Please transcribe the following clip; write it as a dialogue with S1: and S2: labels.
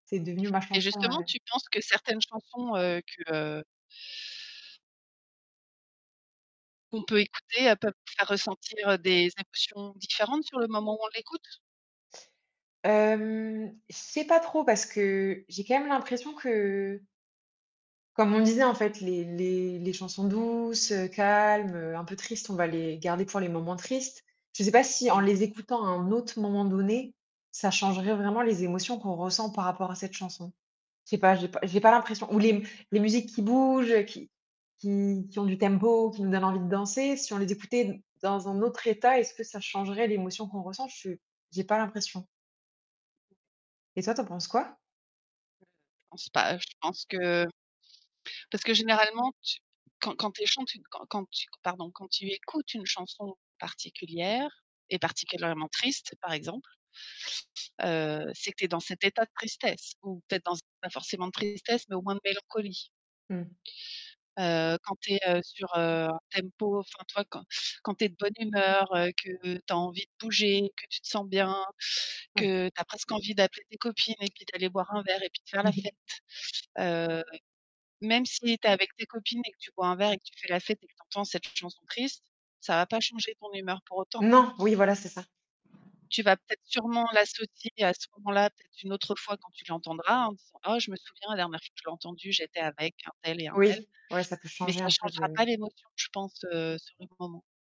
S1: C'est devenu ma
S2: Et
S1: chanson,
S2: justement,
S1: heu
S2: tu penses que certaines chansons heu, que qu'on peut écouter heu, peuvent faire ressentir heu, des émotions différentes sur le moment où on l'écoute?
S1: Hem, je sais pas trop, parce que j'ai quand même l'impression que comme on disait, en fait, les les les chansons douces, heu, calmes, heu, un peu tristes, on va les garder pour les moments tristes. Je sais pas si en
S2: Mmh.
S1: les écoutant à un autre moment donné, ça changerait vraiment les émotions qu'on ressent par rapport à cette chanson. Je sais pas, j'ai pas j'ai pas l'impression, ou les m les musiques qui bougent, qui qui qui ont du tempo, qui nous donnent envie de danser, si on les écoutait n dans un autre état, est-ce que ça changerait l'émotion qu'on ressent? Je s J'ai pas l'impression. Et toi, tu en penses quoi?
S2: Je pense pas, je pense que parce que généralement, tu quand quand tu es chantu quand quand tu q pardon, quand tu écoutes une chanson particulière et particulièrement triste, par exemple heu, c'est que tu es dans cet état de tristesse ou peut-être dans c pas forcément de tristesse, mais au moins de mélancolie.
S1: Mmh.
S2: Heu, quand tu es heu sur heu, un tempo enfin tu vois, quand quand tu es de bonne humeur, heu, que tu as envie de bouger, que tu te sens bien,
S1: Oui.
S2: que tu as presque envie d'appeler tes copines et puis d'aller boire un verre et puis de faire la fête. Heu, même si tu es avec tes copines et que tu bois un verre et que tu fais la fête et que tu entends cette chanson triste, ça va pas changer ton humeur pour autant.
S1: Non, oui voilà c'est ça.
S2: Tu vas peut-être sûrement l'associer à ce moment-là, peut-être une autre fois quand tu l'entendras, en disant: «Oh, je me souviens, la dernière fois que je l'ai entendue j'étais avec un tel et un tel»,
S1: Oui. Ouais ça peut
S2: mais
S1: changer
S2: ça
S1: un peu
S2: changera pas
S1: le.
S2: l'émotion, je pense, heu, sur le moment.